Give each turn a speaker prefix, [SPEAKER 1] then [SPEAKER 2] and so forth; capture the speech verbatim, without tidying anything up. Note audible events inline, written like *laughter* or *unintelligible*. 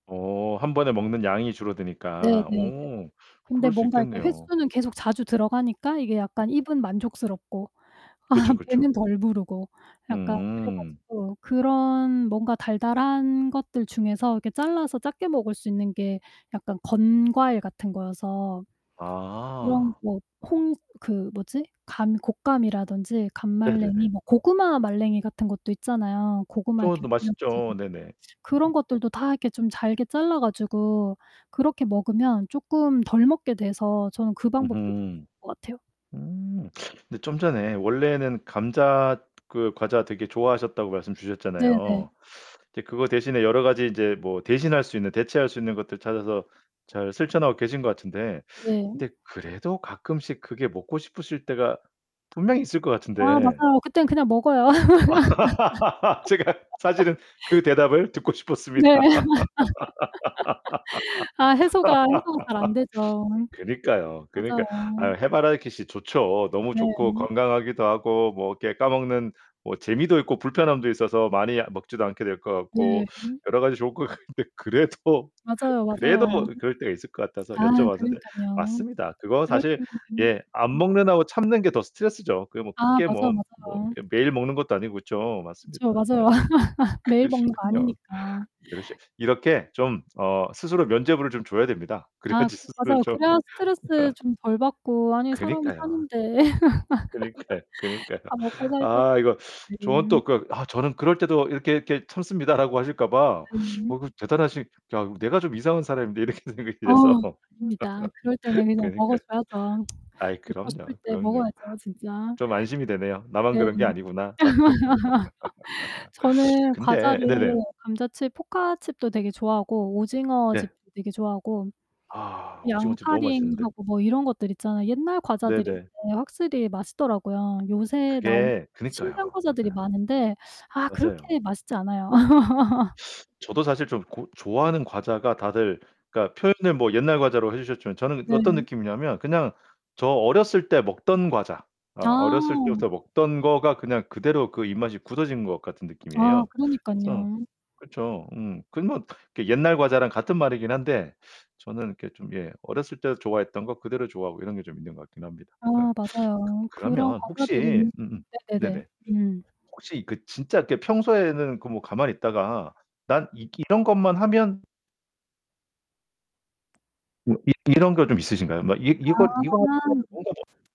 [SPEAKER 1] 어, 한 번에 먹는 양이
[SPEAKER 2] 네
[SPEAKER 1] 줄어드니까.
[SPEAKER 2] 네네.
[SPEAKER 1] 오.
[SPEAKER 2] 근데
[SPEAKER 1] 그럴 수
[SPEAKER 2] 뭔가 이렇게
[SPEAKER 1] 있겠네요.
[SPEAKER 2] 횟수는 계속 자주 들어가니까 이게 약간 입은 만족스럽고. 아
[SPEAKER 1] 그쵸
[SPEAKER 2] 배는
[SPEAKER 1] 그쵸.
[SPEAKER 2] 덜 부르고. 약간 그래
[SPEAKER 1] 음.
[SPEAKER 2] 가지고 그런 뭔가 달달한 것들 중에서 이렇게 잘라서 작게 먹을 수 있는 게 약간 건과일 같은 거여서 그런
[SPEAKER 1] 아.
[SPEAKER 2] 뭐 콩 그 뭐지? 감 곶감이라든지 감말랭이,
[SPEAKER 1] 네네네.
[SPEAKER 2] 뭐 고구마말랭이 같은 것도 있잖아요. 고구마 이렇게
[SPEAKER 1] 쪄도
[SPEAKER 2] 말려 가지고.
[SPEAKER 1] 맛있죠. 네네.
[SPEAKER 2] 그런것들도 다 이렇게 좀 잘게 잘라 가지고 그렇게 먹으면 조금 덜 먹게 돼서 저는 그 방법도 *unintelligible*
[SPEAKER 1] 으흠.
[SPEAKER 2] 것 같아요.
[SPEAKER 1] 음. 근데 좀 전에 원래는 감자 그 과자 되게 좋아하셨다고 말씀
[SPEAKER 2] 네 네.
[SPEAKER 1] 주셨잖아요. 이제 그거 대신에 여러 가지 인제 뭐 대신할 수 있는 대체할 수 있는 것들 찾아서 잘 실천하고 계신 것 같은데
[SPEAKER 2] 네.
[SPEAKER 1] 근데 그래도 가끔씩 그게 먹고 싶으실 때가 분명히 있을 것
[SPEAKER 2] 아
[SPEAKER 1] 같은데.
[SPEAKER 2] 맞아요. 그땐 그냥 먹어요.
[SPEAKER 1] *laughs* 제가
[SPEAKER 2] *laughs*
[SPEAKER 1] 사실은 그 대답을 듣고
[SPEAKER 2] 네.
[SPEAKER 1] 싶었습니다.
[SPEAKER 2] *laughs* 아 해소가 해소가 잘 안 되죠.
[SPEAKER 1] *laughs* *sniffs* 그니까요. 그니까 아,
[SPEAKER 2] 맞아요.
[SPEAKER 1] 해바라기씨 좋죠. 너무 좋고
[SPEAKER 2] 네.
[SPEAKER 1] 건강하기도 하고 뭐 이렇게 까먹는 뭐 재미도 있고 불편함도 있어서 많이 먹지도 않게 될 것 같고.
[SPEAKER 2] 네.
[SPEAKER 1] 여러 가지 좋을 것 같은데 그래도
[SPEAKER 2] 맞아요,
[SPEAKER 1] 그래도
[SPEAKER 2] 맞아요.
[SPEAKER 1] 그럴 때가 있을 것 같아서
[SPEAKER 2] 아
[SPEAKER 1] 여쭤봤는데.
[SPEAKER 2] 그러니깐요.
[SPEAKER 1] 맞습니다. 그거
[SPEAKER 2] 그럴
[SPEAKER 1] 사실
[SPEAKER 2] 때는.
[SPEAKER 1] 예 안
[SPEAKER 2] *unintelligible*
[SPEAKER 1] 먹는다고 참는 게 더 스트레스죠. 그게 뭐
[SPEAKER 2] 아
[SPEAKER 1] 크게
[SPEAKER 2] 맞아요
[SPEAKER 1] 뭐 뭐
[SPEAKER 2] 맞아요.
[SPEAKER 1] 이게 매일 먹는 것도 아니고 그쵸. 맞습니다.
[SPEAKER 2] 그쵸,
[SPEAKER 1] 어.
[SPEAKER 2] 맞아요. *laughs* 매일 먹는 거
[SPEAKER 1] 그러시군요.
[SPEAKER 2] 아니니까.
[SPEAKER 1] 그러시 이렇게 좀 어 스스로 면죄부를 좀 줘야 됩니다.
[SPEAKER 2] 아,
[SPEAKER 1] 그래야지
[SPEAKER 2] 그래
[SPEAKER 1] 스스로
[SPEAKER 2] 맞아요.
[SPEAKER 1] 좀
[SPEAKER 2] 그래야 스트레스
[SPEAKER 1] *laughs*
[SPEAKER 2] 좀 덜 받고. 아니, 사람이
[SPEAKER 1] 그니까요.
[SPEAKER 2] 사는데.
[SPEAKER 1] 그니까요,
[SPEAKER 2] *laughs*
[SPEAKER 1] 그니까요.
[SPEAKER 2] 다 먹고 살자고
[SPEAKER 1] 아, 이거 저는
[SPEAKER 2] 네.
[SPEAKER 1] 또 그 "아, 저는 그럴 때도 이렇게 이렇게 참습니다."라고 하실까 봐. *sucks teeth*
[SPEAKER 2] 네.
[SPEAKER 1] '어, 그 대단하신 아, 내가 좀 이상한 사람인데.' 이렇게 생각이
[SPEAKER 2] 어.
[SPEAKER 1] 돼서.
[SPEAKER 2] 아닙니다. 그럴 때는
[SPEAKER 1] *laughs*
[SPEAKER 2] 그냥 먹어
[SPEAKER 1] 그니까.
[SPEAKER 2] 줘야죠. *tsk*
[SPEAKER 1] 아이,
[SPEAKER 2] 먹고 싶을
[SPEAKER 1] 그럼요.
[SPEAKER 2] 때
[SPEAKER 1] 그럼요.
[SPEAKER 2] 먹어야죠 진짜.
[SPEAKER 1] 좀 안심이 되네요. 나만
[SPEAKER 2] 네.
[SPEAKER 1] 그런 게 아니구나.
[SPEAKER 2] *laughs*
[SPEAKER 1] *laughs*
[SPEAKER 2] 저는
[SPEAKER 1] 근데
[SPEAKER 2] 과자를
[SPEAKER 1] 아, 네네.
[SPEAKER 2] 감자칩 포카칩도 되게 좋아하고 오징어칩
[SPEAKER 1] 예.
[SPEAKER 2] 되게 좋아하고
[SPEAKER 1] 아, 오징어칩 너무 맛있는데.
[SPEAKER 2] 양파링하고 뭐 이런 것들 있잖아요. 옛날
[SPEAKER 1] 네
[SPEAKER 2] 과자들이
[SPEAKER 1] 네.
[SPEAKER 2] 근데 확실히 맛있더라고요. 요새 나온
[SPEAKER 1] 그게
[SPEAKER 2] 신기한
[SPEAKER 1] 그니까요.
[SPEAKER 2] 과자들이
[SPEAKER 1] 맞아요.
[SPEAKER 2] 많은데 아
[SPEAKER 1] 맞아요.
[SPEAKER 2] 그렇게 맛있지 않아요. *laughs*
[SPEAKER 1] *sucks teeth* 저도 사실 좀 고 좋아하는 과자가 다들 그러니까 표현을 뭐 옛날 과자로 해 주셨지만 저는
[SPEAKER 2] 네.
[SPEAKER 1] 어떤 느낌이냐면 그냥 저 어렸을 때 먹던 과자. 어, 어렸을
[SPEAKER 2] 아.
[SPEAKER 1] 때부터 먹던 거가 그냥 그대로 그 입맛이 굳어진 것 같은
[SPEAKER 2] 아
[SPEAKER 1] 느낌이에요. 그래서
[SPEAKER 2] 그러니깐요.
[SPEAKER 1] 그쵸. 음. 그건 뭐 그게 옛날 과자랑 같은 말이긴 한데 저는 이렇게 좀 예 어렸을 때 좋아했던 것 그대로 좋아하고 이런 게 좀 있는 것 같긴 합니다.
[SPEAKER 2] 아,
[SPEAKER 1] 네.
[SPEAKER 2] 맞아요. 그런
[SPEAKER 1] 그러면 혹시
[SPEAKER 2] 과자들이
[SPEAKER 1] 음음.
[SPEAKER 2] 네네네.
[SPEAKER 1] 네네.
[SPEAKER 2] 음.
[SPEAKER 1] 혹시 그 진짜 이렇게 평소에는 그 뭐 가만히 있다가 난 이 이런 것만 하면 음 이 이런 거 좀 있으신가요? 막 이 이거 이거하
[SPEAKER 2] 아.
[SPEAKER 1] *unintelligible* 뭔가 머